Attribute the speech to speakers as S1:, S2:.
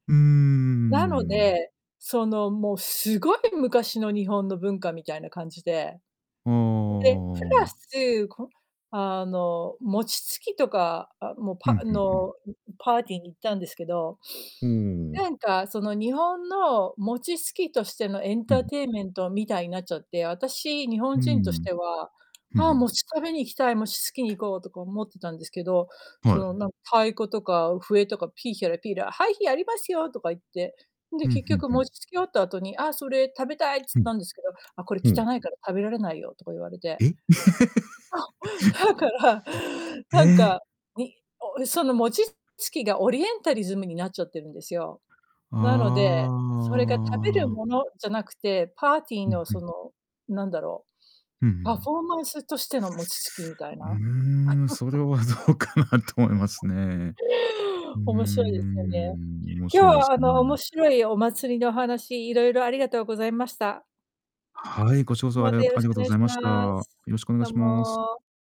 S1: うーん、うん
S2: なの
S1: うんうん。
S2: で、その、もう、すごい昔の日本の文化みたいな感じで、
S1: ああ、あ
S2: で、プ
S1: あ
S2: ラ
S1: ああ。
S2: ス、こあの、餅つきとか、あ、も、
S1: ふ
S2: ぱ
S1: んふんふん。
S2: の、んん、パーティーに行ったんですけど、
S1: ほお、おお。
S2: なんか、その、日本の餅つきとしてのエン
S1: う
S2: タ
S1: ん、
S2: ー
S1: う。
S2: テイメントみたいになっちゃって、あたし、日本
S1: うんう
S2: 人とし
S1: ん。
S2: ては、
S1: ふん
S2: 「あ
S1: ふ
S2: あ、
S1: ん。
S2: 餅食べに行きたい、餅つきに行こう」とか思ってたんですけど、そ
S1: は
S2: の、
S1: い。
S2: なんか太鼓とか笛とか、ピーヒャラ、ピラー、「はい、ひやりますよ！」とか言って、で、
S1: ふん
S2: 結
S1: ふん
S2: 局、
S1: ふ
S2: 餅、
S1: ん。
S2: つき終わった後に、「ああ、それ食べたい」っつ
S1: ふ
S2: っ
S1: ん。
S2: たんですけど、「あ、これ
S1: ほ
S2: 汚
S1: う。
S2: いから食べられないよ」とか言われて。
S1: え、
S2: だから、なん
S1: ええ。
S2: か、ん、おその餅つきが、オリエンタリズムになっちゃってるんですよ。
S1: あ
S2: なので、それが、食べる
S1: あ。
S2: ものじゃなくて、パーティー
S1: うん、
S2: の、
S1: ふ
S2: そ
S1: ん。
S2: の、なんだろう、
S1: うんう
S2: パフ
S1: ん。
S2: ォーマンスとしての餅つきみた
S1: う
S2: い
S1: う
S2: な
S1: ーん、それ はどうかなと思います ね。うー
S2: 面白いですよね。
S1: ん。面
S2: 今
S1: 白い
S2: 日
S1: で
S2: は、
S1: す
S2: あの、面
S1: ね。
S2: 白いお祭りの話、いろいろありがとうございました。
S1: はい、こっちこそ、あ
S2: ま
S1: りあ
S2: たよろ
S1: あ
S2: し
S1: りが
S2: くお
S1: とご
S2: 願い
S1: ざ
S2: し
S1: いました。
S2: ま
S1: よ
S2: す。
S1: ろしくお願い
S2: どう
S1: します。
S2: も。